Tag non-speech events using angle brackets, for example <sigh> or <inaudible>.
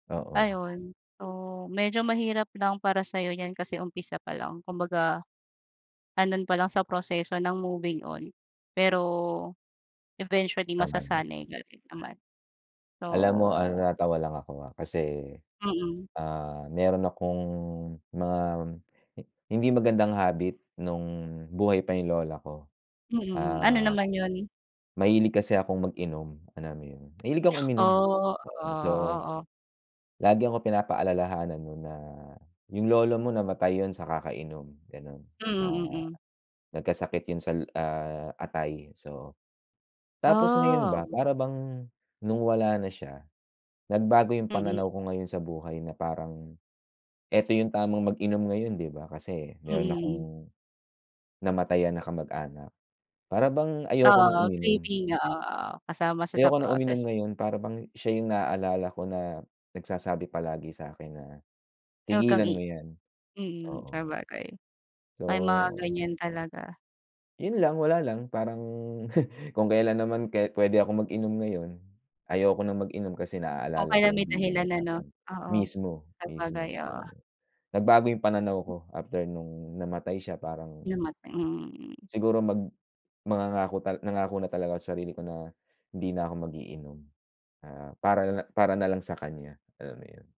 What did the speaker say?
Oo. Ayun. So, medyo mahirap lang para sa'yo 'yan kasi umpisa pa lang. Kumbaga, ando'n pa lang sa proseso ng moving on. Pero, eventually Tama naman. masasanay ka rin naman. So Alam mo ano natawa lang ako ha, kasi, Mm. ah, meron akong mga, hindi magandang habit no'ng buhay pa 'yung lola ko. Mm, mm. Ano Ah, naman yun? mahilig kasi akong mag-inom, alam mo yun, mahilig akong uminom, Oh. Oo, oo. So, oo, oo. lagi ako pinapaalalahanan no'n na, "Yung lolo mo namatay yun sa kakainom," gano'n. Mm, Ah, mm. "Nagkasakit yun sal ah, atay." So, tapos ngayon Ah, ba oo. para bang no'ng wala na siya, nagbago 'yung Mm. pananaw ko ngayon sa buhay na parang, 'eto 'yung tamang mag-inom ngayon 'di ba, kasi Mm, meron mm. akong, namatayan na kamag-anak. Para bang ayoko Oo, nang oo. uminom. Grieving, oo, oo. Kasama sa, sa Ayoko na uminom process. ngayon para bang siya 'yung naalala ko na nagsasabi palagi sa'kin na, Na 'wag kang "Tigilan i mo 'yan." mm, Oo. sabagay. May mga So ganyan talaga. yun lang, wala lang, parang <chuckles> kung kelan naman kahit pwede akong mag-inom ngayon, ayoko nang mag-inom kasi O naalala ko kaya yung may bilin niya dahilan ano? sa'kin. Oo. Mismo, mismo. Sabagay, So, oo. nagbago 'yung pananaw ko after no'ng namatay siya. Parang Namatay mm, mm. siguro mag mangangako tal nangako na talaga ako sa sarili ko na hindi na ako mag-iinom. Na para na la para na lang sa kanya, alam mo yun.